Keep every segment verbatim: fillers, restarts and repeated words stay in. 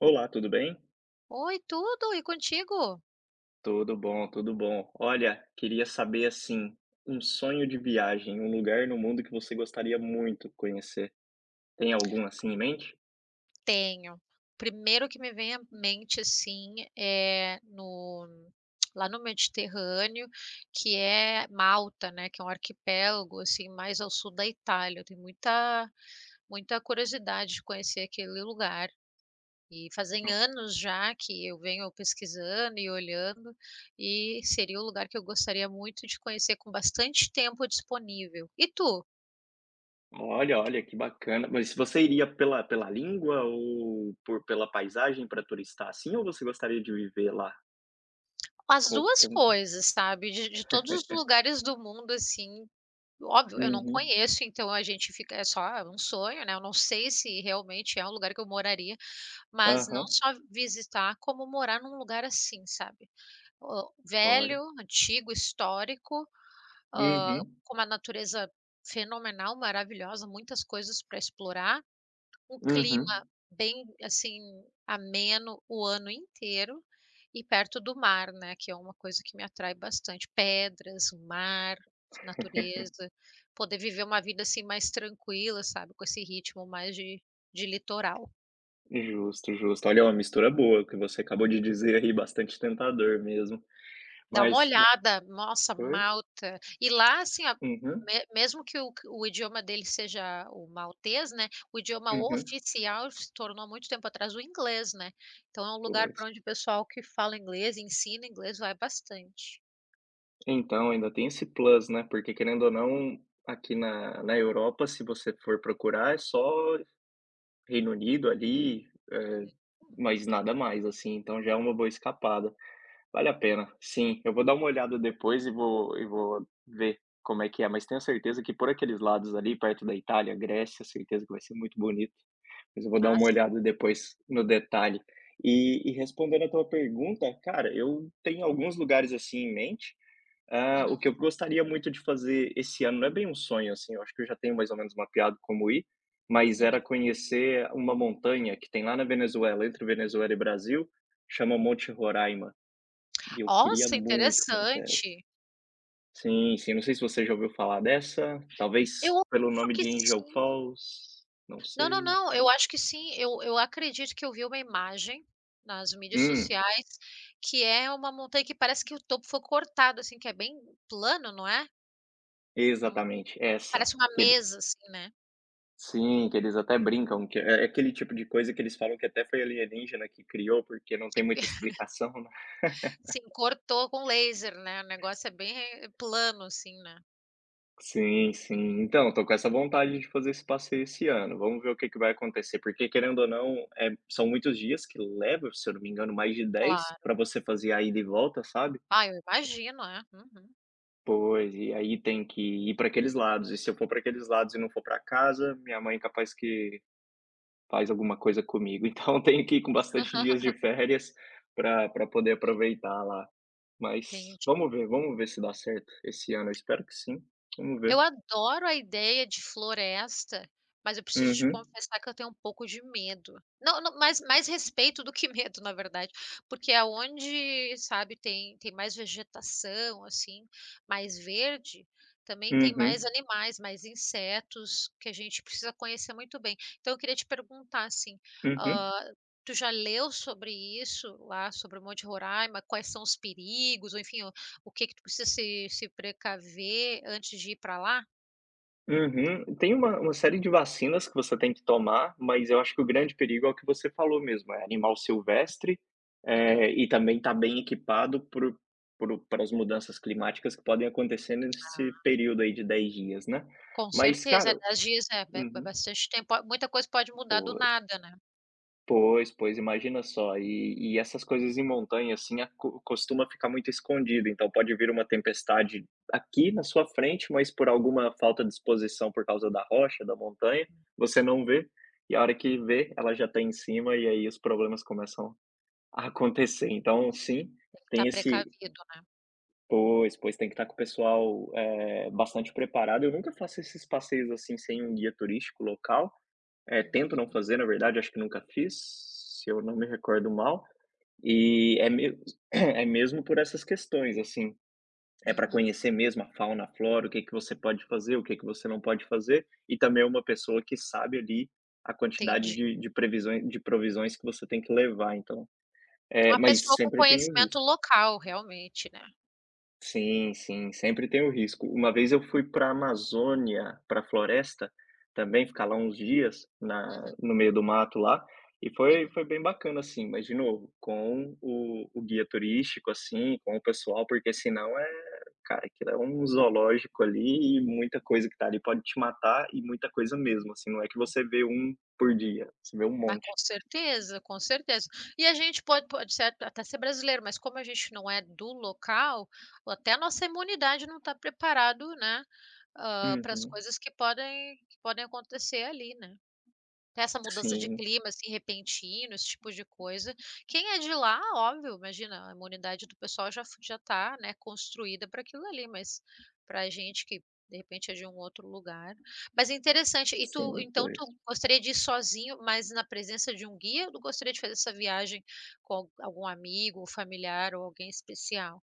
Olá, tudo bem? Oi, tudo. E contigo? Tudo bom, tudo bom. Olha, queria saber, assim, um sonho de viagem, um lugar no mundo que você gostaria muito conhecer. Tem algum assim em mente? Tenho. Primeiro que me vem à mente, assim, é no lá no Mediterrâneo, que é Malta, né, que é um arquipélago, assim, mais ao sul da Itália. Eu tenho muita muita curiosidade de conhecer aquele lugar. E, fazem No anos já, que eu venho pesquisando e olhando, e seria o lugar que eu gostaria muito de conhecer, com bastante tempo disponível. E tu? Olha, olha, que bacana. Mas você iria pela pela língua ou por pela paisagem, pra turistar, assim, ou você gostaria de viver lá? As Co duas com coisas, sabe? De de todos os lugares do mundo assim óbvio, eu não Uhum. conheço, então a gente fica é só, é um sonho, né. Eu não sei se realmente é um lugar que eu moraria, mas não Aham. só visitar, como morar num lugar assim, sabe. O Olha. velho, antigo, histórico, hã, Uhum. com uma natureza fenomenal, maravilhosa, muitas coisas para explorar. Um Uhum. clima bem, assim, ameno o ano inteiro, e perto do mar, né, que é uma coisa que me atrai bastante pedras, o mar, natureza. Poder viver uma vida assim, mais tranquila, sabe, com esse ritmo mais de de litoral. Justo, justo. Olha, uma mistura boa que você acabou de dizer aí, bastante tentador mesmo. Dá uma Mas, ma olhada. Nossa, pois? Malta. E lá assim a Uhum. me mesmo que o que o idioma dele seja o maltês, né, o idioma Uhum. oficial se tornou, muito tempo atrás, o inglês, né. Então é um lugar Pois. para onde o pessoal que fala inglês e ensina inglês vai bastante. Então, ainda tem esse plus, né? Porque querendo ou não, aqui na na Europa, se você for procurar, é só Reino Unido ali, eh, É claro. mas nada mais assim. Então já é uma boa escapada. Vale a pena sim, eu vou dar uma olhada depois e vou e vou ver como é que é, mas tenho a certeza que por aqueles lados ali, perto da Itália, Grécia, certeza que vai ser muito bonito. Mas eu vou dar A uma si olhada depois, no detalhe. E e respondendo a tua pergunta, cara, eu tenho alguns lugares assim em mente, ah, o que eu Uhum. gostaria muito de fazer esse ano não é bem um sonho assim, eu acho que eu já tenho mais ou menos mapeado de como ir, mas era Uhum. conhecer uma montanha que tem lá na Venezuela, entre Venezuela e Brasil, chama Monte Roraima. E eu queria Nossa, muito conhecer essa. interessante. Sim, sim. Não sei se você já ouviu falar dessa, Eu talvez pelo acho nome que de Angel sim. Falls, não Não, não, sei. não, eu acho que sim. Eu eu acredito que eu vi uma imagem nas mídias Hum. sociais, que é uma montanha que parece que o topo foi cortado, assim, que é bem plano, não é? Hum. Exatamente, essa. Parece uma Que ele mesa assim, né? Sim, que eles até brincam, que é é aquele tipo de coisa que eles falam que até foi alienígena que criou, porque não Que tem pe muita explicação, né? Sim, cortou com laser, né? O negócio é bem plano assim, né? Sim, sim. Então, eu estou com essa vontade de fazer esse passeio esse ano. Vamos ver o que que vai acontecer, porque querendo ou não, é, são muitos dias que leva, se eu não me engano mais de dez Claro. para você fazer a ida e volta, sabe. Ah, eu imagino. É, uhum. Pois. E aí tem que ir pra aqueles lados, e se eu for pra aqueles lados e não for pra casa, minha mãe é capaz que faz alguma coisa comigo. Então eu tenho que ir com bastante dias de férias, para para poder aproveitar lá. Mas, Entendi. vamos ver, vamos ver se dá certo esse ano. Eu espero que sim. Vamos ver. Eu adoro a ideia de floresta, mas eu preciso te Uhum. confessar que eu tenho um pouco de medo. Não não, mais mais respeito do que medo, na verdade. Porque aonde, sabe, tem tem mais vegetação, assim, mais verde, também tem mais Uhum. animais, mais insetos, que a gente precisa conhecer muito bem. Então eu queria te perguntar assim, Uhum. ah, tu já leu sobre isso lá, sobre o Monte Roraima, quais são os perigos, ou enfim o o que que tu precisa se se precaver, antes de ir para lá? Uhum, e tem uma uma série de vacinas que você tem que tomar, mas eu acho que o Hum. grande perigo é o que você falou mesmo. É animal silvestre, Uhum. eh, e também está bem equipado para o para o pra as mudanças climáticas que podem acontecer nesse Ah. período aí de dez dias, né. Com Mas certeza é, cara dez dias, é ba uhum. bastante tempo, muita coisa pode mudar do Pois. nada, né? Pois, pois, imagina só, e e essas coisas em montanha assim a co costuma ficar muito escondido. Então pode vir uma tempestade aqui na sua frente, mas por alguma falta de exposição por causa da rocha, da montanha, Uhum. você não vê e a hora que vê, ela já está em cima, e aí os problemas começam a acontecer. Então sim, Tem tá tem esse precavido, né? Pois, pois, tem que estar com o pessoal, é, bastante preparado. Eu nunca faço esses passeios, assim, sem um guia turístico local, eh, tento não Hum. fazer. Na verdade, acho que nunca fiz, se eu não me recordo mal e é me é mesmo por essas questões, assim, é pra Uhum. conhecer mesmo a fauna, a flora, o que que você pode fazer, o que que você não pode fazer. E também é uma pessoa que sabe ali a quantidade Entendi. de de previsões de provisões que você tem que levar. Então, eh, Uma mas pessoa com sempre tem o risco. conhecimento local realmente, né. Sim, sim, sempre tem o risco. Uma vez eu fui para a Amazônia para a floresta também ficar lá uns dias Uhum. na no meio do mato lá e foi Uhum. foi bem bacana assim, mas de novo com o o guia turístico, assim com o pessoal, porque se não é, cara, aquilo é um zoológico ali e muita coisa que está ali, pode te matar e muita coisa mesmo, assim não é que [unintelligible] você vê um por dia. Você vê um Ah, monte. com certeza, com certeza, e a gente pode pode ser até ser brasileiro, mas como a gente não é do local ou até a nossa imunidade não está preparado, né. Ah, para as Uhum. coisas que podem que podem acontecer ali, né. Essa mudança de Sim. clima assim repentino, esse tipo de coisa. Quem é de lá, óbvio, imagina a imunidade do pessoal já fa já está, né, construída para aquilo ali, mas para a gente que de repente é de um outro lugar. Mas é interessante e tu, Sim, então, pois. tu gostaria de ir sozinho, mas na presença de um guia, gostaria de fazer essa viagem com al algum amigo familiar ou alguém especial?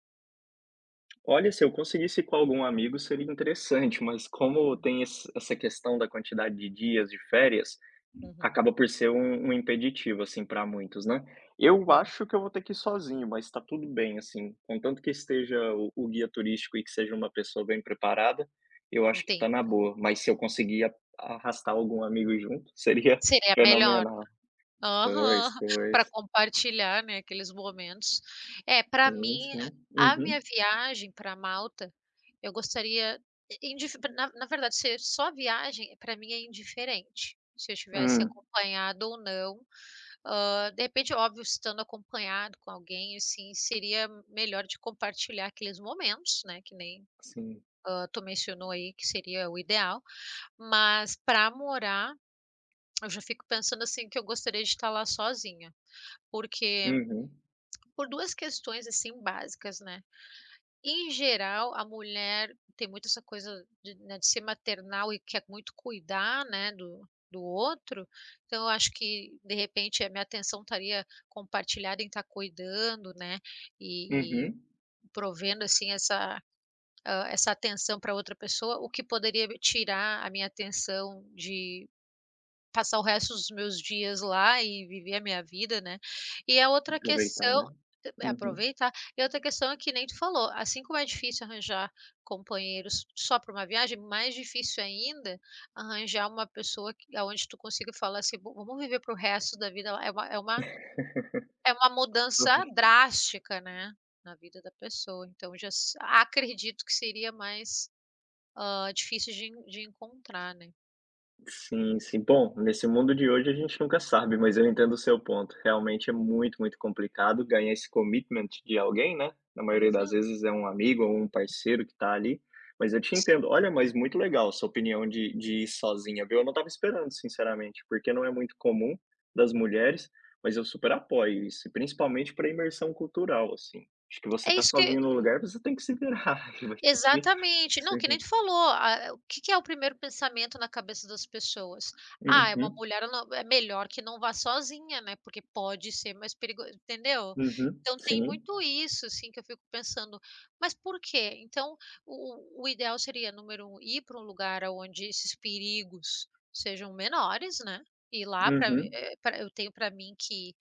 Olha, se eu conseguisse com algum amigo, seria interessante. Mas como tem esse essa questão da quantidade de dias de férias, Uhum. acaba por ser um um impeditivo, assim, para muitos, né? Eu Sim. acho que eu vou ter que ir sozinho, mas está tudo bem assim, contanto que esteja o o guia turístico e que seja uma pessoa bem preparada, eu acho que Entendo. está na boa, mas se eu conseguir arrastar algum amigo junto, seria Seria melhor, fenomenal. né? Aham. Pois, Para pois. compartilhar, né, aqueles momentos. É para Sim, mim sim, a minha uhum. viagem para Malta. Eu gostaria indif na na verdade, ser só a viagem para mim é indiferente. Se eu tivesse Hum. acompanhado ou não. Hã, de repente, é óbvio, estando acompanhado com alguém, assim, seria melhor de compartilhar aqueles momentos, né. Que nem, Sim. hã, tu mencionou aí que seria o ideal, mas pra morar, eu já fico pensando, assim, que eu gostaria de estar lá sozinha. Porque, Uhum. por duas questões assim básicas, né. Em geral, a mulher tem muito essa coisa de, né, de ser maternal e quer muito cuidar, né, do do outro. Então eu acho que, de repente, a minha atenção estaria compartilhada em estar cuidando, né. E e Uhum. provendo assim essa, hã, essa atenção para outra pessoa, o que poderia tirar a minha atenção de passar o resto dos meus dias lá e viver a minha vida, né? E a outra Aproveitar, questão, né? é Uhum. aproveitar e outra questão é que nem tu falou, assim como é difícil arranjar companheiros só para uma viagem, mais difícil ainda arranjar uma pessoa que aonde tu consiga falar assim, vamos viver para o resto da vida é uma é uma é uma mudança [unintelligible] drástica, né? Na vida da pessoa, então já acredito que seria mais, hã, difícil de en de encontrar, né? Sim, sim, bom, nesse mundo de hoje a gente nunca sabe, mas eu entendo o seu ponto. Realmente é muito, muito complicado ganhar esse commitment de alguém, né? Na maioria das [unintelligible] vezes é um amigo ou um parceiro que está ali, mas eu te entendo. Olha, mas muito legal sua opinião de de ir sozinha, viu. Eu não estava esperando sinceramente, porque não é muito comum das mulheres, mas eu super apoio isso, principalmente para a imersão cultural assim, acho que você É está isso que sozinho no lugar, você tem que se virar, que vai ter que Exatamente, não, que nem seguir. tu falou, ah, o que que é o primeiro pensamento na cabeça das pessoas? "Ah, é uma Uhum. mulher não é melhor que não vá sozinha, né? Porque pode ser mais perigoso", entendeu? Uhum, Então tem sim. muito isso, assim, que eu fico pensando. Mas por quê? Então o o o ideal seria número um ir para um lugar aonde esses perigos sejam menores, né. Ir lá pra, Uhum. eh, pra eu tenho pra mim que,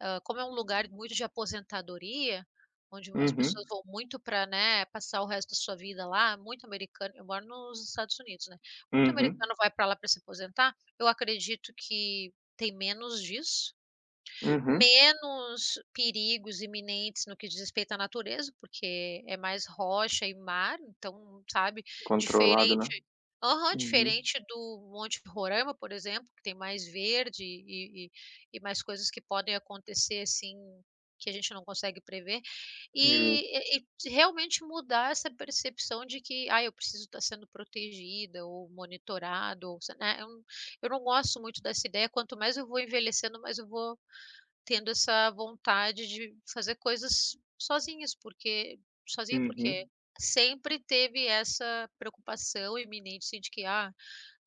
hã, como é um lugar muito de aposentadoria, onde o as pessoas Uhum. vão muito para, né, passar o resto da sua vida lá, muito americano eu moro nos Estados Unidos, né. Muito Uhum. americano vai para lá para se aposentar. Eu acredito que tem menos disso, Uhum. menos perigos iminentes no que diz respeito à natureza, porque é mais rocha e mar, então sabe Controlado, né? diferente, aham, Uhum. diferente do Monte Roraima, por exemplo, que tem mais verde e e e e mais coisas que podem acontecer, assim, que a gente não consegue prever Justo. e e e realmente mudar essa percepção de que: "Ah, eu preciso estar sendo protegida ou monitorado ou se" né? Eu eu não gosto muito dessa ideia, quanto mais eu vou envelhecendo, mais eu vou tendo essa vontade de fazer coisas sozinhas. Por que, sozinha por quê? Uhum. Sempre teve essa preocupação iminente assim de que: "Ah,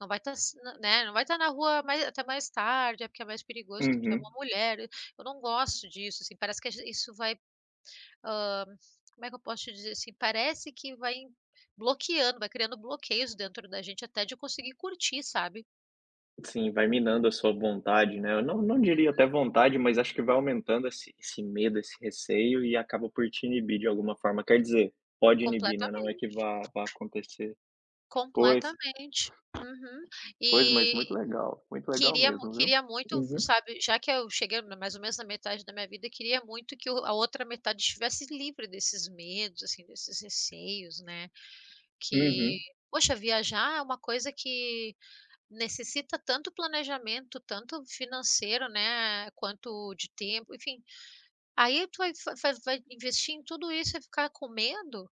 não vai estar né, não vai estar na rua mais até mais tarde, é porque é mais perigoso que tu é uma Uhum. mulher." Eu não gosto disso, assim, parece que age isso vai, hã, como é que eu posso te dizer assim? Parece que vai bloqueando, vai criando bloqueios dentro da gente, até de conseguir curtir, sabe? Sim, vai minando a sua vontade, né? Eu não não Uhum. diria até vontade, mas acho que vai aumentando esse esse medo, esse receio e acaba por te inibir de alguma forma. Quer dizer, pode inibir, né? Não é que Completamente. vá vá acontecer. Pois. Completamente. Uhum. Pois, mas E muito legal, muito legal queria mu mesmo, viu? queria muito, Uhum. sabe, já que eu cheguei mais ou menos na metade da minha vida, eu queria muito que a outra metade estivesse livre desses medos assim desses receios, né. Que Uhum. poxa, viajar é uma coisa que necessita tanto planejamento, tanto financeiro, né. Quanto de tempo, enfim, aí tu vai fa vai vai investir em tudo isso e ficar com medo?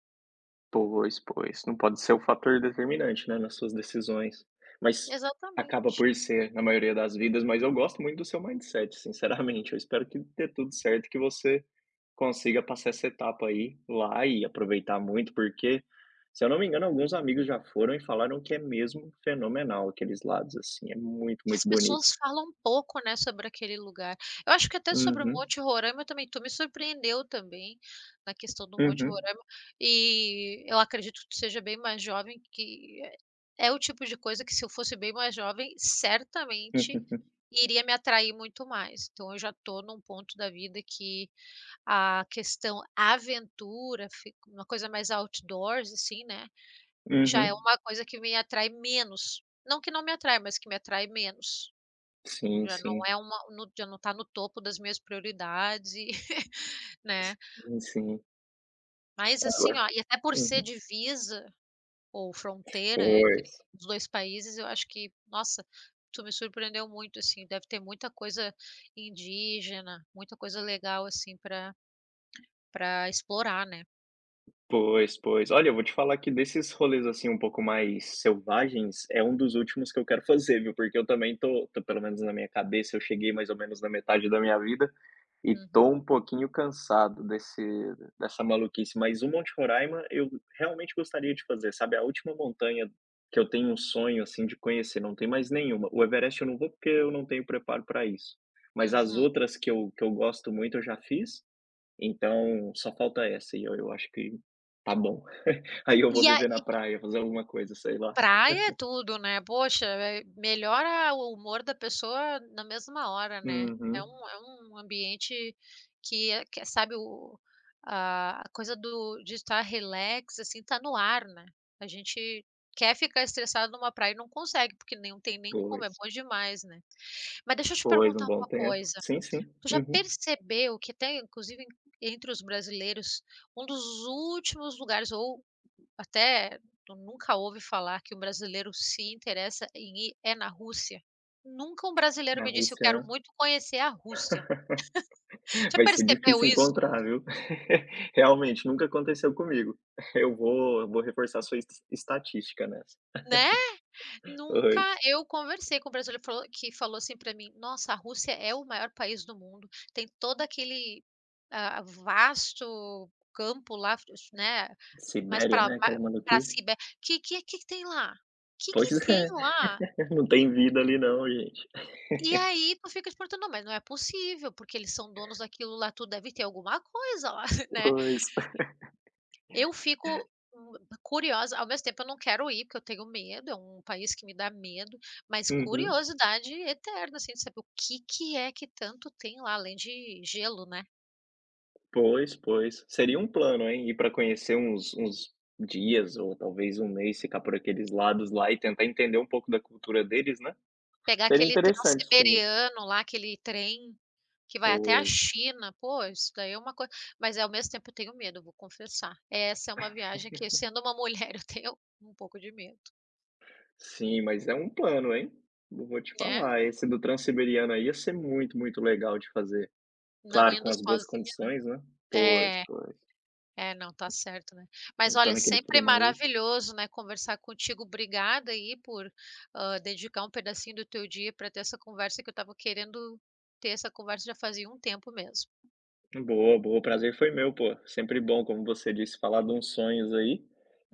Pois, pois não pode ser um fator determinante, né, nas suas decisões. Mas acaba Exatamente. por ser na maioria das vidas. Mas eu gosto muito do seu mindset, sinceramente. Eu espero que dê tudo certo e que você consiga passar essa etapa aí lá e aproveitar muito, porque, se eu não me engano, alguns amigos já foram e falaram que é mesmo fenomenal. Aqueles lados assim é muito, As muito bonito. pessoas falam um pouco, né, sobre aquele lugar. Eu acho que até sobre o Uhum. Monte Roraima também. Tu me surpreendeu também na questão do Monte Uhum. Roraima e eu acredito que tu seja bem mais jovem, que é o tipo de coisa que se eu fosse bem mais jovem, certamente iria me atrair muito mais. Então eu já estou num ponto da vida que a questão aventura fica uma coisa mais outdoors assim, né? Já é Uhum. uma coisa que me atrai menos, não que não me atrai, mas que me atrai menos. Sim, Já não sim. é uma já não tá no topo das minhas prioridades, né? Si sim, sim. Mas assim ó, [unintelligible] e até por ser uhum. divisa ou fronteira entre Pois. os dois países, eu acho que, nossa, tu me surpreendeu muito, assim. Deve ter muita coisa indígena, muita coisa legal, assim, para para explorar, né? Pois, pois. Olha, eu vou te falar que desses rolês assim, um pouco mais selvagens, é um dos últimos que eu quero fazer, viu, porque eu também tô tô pelo menos na minha cabeça, eu cheguei mais ou menos na metade da minha vida, e tô Uhum. um pouquinho cansado desse dessa maluquice. Mas o Monte Roraima eu realmente gostaria de fazer, sabe, a última montanha que eu tenho um sonho, assim, de conhecer, não tem mais nenhuma. O Everest eu não vou, porque eu não tenho preparo para isso. Mas as Uhum. outras que eu que eu gosto muito, eu já fiz. Então, só falta essa, e olha eu acho que tá bom. Aí eu vou E viver na aí praia, fazer alguma coisa, sei lá. Praia é tudo, né? Poxa, eh, melhora o humor da pessoa na mesma hora, né? É Uhum. um é um ambiente que é que sabe o a a coisa do de estar relax, assim, está no ar, né? A gente quer ficar estressado numa praia e não consegue, porque nem não tem nem como, é Pois. bom demais, né? Mas deixa eu te Pois, perguntar um bom uma tempo. coisa, Sim, sim. tu já Uhum. percebeu que tem, inclusive entre os brasileiros, um dos últimos lugares ou, até, tu nunca ouve falar que um brasileiro se interessa em ir é na Rússia? Nunca um brasileiro Na me disse: "Eu Rússia, quero né? muito conhecer a Rússia". Já Vai ser percebeu difícil isso? encontrar, viu. Realmente, nunca aconteceu comigo. Eu vou eu vou reforçar a sua es estatística nessa. Né? Nunca Pois. eu conversei com um brasileiro falou que falou assim para mim: "Nossa, a Rússia é o maior país do mundo, tem todo aquele, ah, vasto campo lá, [unintelligible] né? Mas Sibéria, para né? ma Com a para maluquice. Sibéria que que é que que tem lá? Que Pois que tem é. lá?" Não tem vida ali não, gente. E aí tu fica te perguntando: "Não, mas não é possível, porque eles são donos daquilo lá tudo, deve ter alguma coisa lá" né? Pois. Eu fico, hum, curiosa ao mesmo tempo eu não quero ir, porque eu tenho medo, é um país que me dá medo. Mas Uhum. curiosidade eterna, assim, de saber o que que é que tanto tem lá, além de gelo, né? Pois, pois. Seria um plano, hein? Ir para conhecer uns uns dias, ou talvez um mês, ficar por aqueles lados lá, e tentar entender um pouco da cultura deles, né? Pegar Seria aquele interessante sim. Transiberiano lá, aquele trem que vai até a Pois. China. Pô, isso daí é uma coisa mas é, ao mesmo tempo eu tenho medo, eu vou confessar. Essa é uma viagem que sendo uma mulher, eu tenho um pouco de medo. Sim, mas é um plano, hein? Eu vou te Né? falar, esse do Transiberiano aí ia ser muito, muito legal de fazer. Não Claro, indo com as boas sozinha, condições, né. Pois, né. É. pois. É, não tá certo, né. Mas Não olha, estando aquele sempre frio maluco. maravilhoso, né, conversar contigo. Obrigada aí por, hã, dedicar um pedacinho do teu dia para ter essa conversa, que eu estava querendo ter essa conversa já fazia um tempo mesmo. Boa, boa. O prazer foi meu, pô. Sempre bom, como você disse, falar de uns sonhos aí,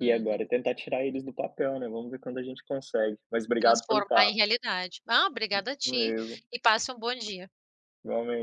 e agora tentar tirar eles do papel, né. Vamos ver quando a gente consegue. Mas obrigado pelo Transformar em papo. realidade. Ah, obrigada a Isso ti, mesmo. e passe um bom dia. Igualmente.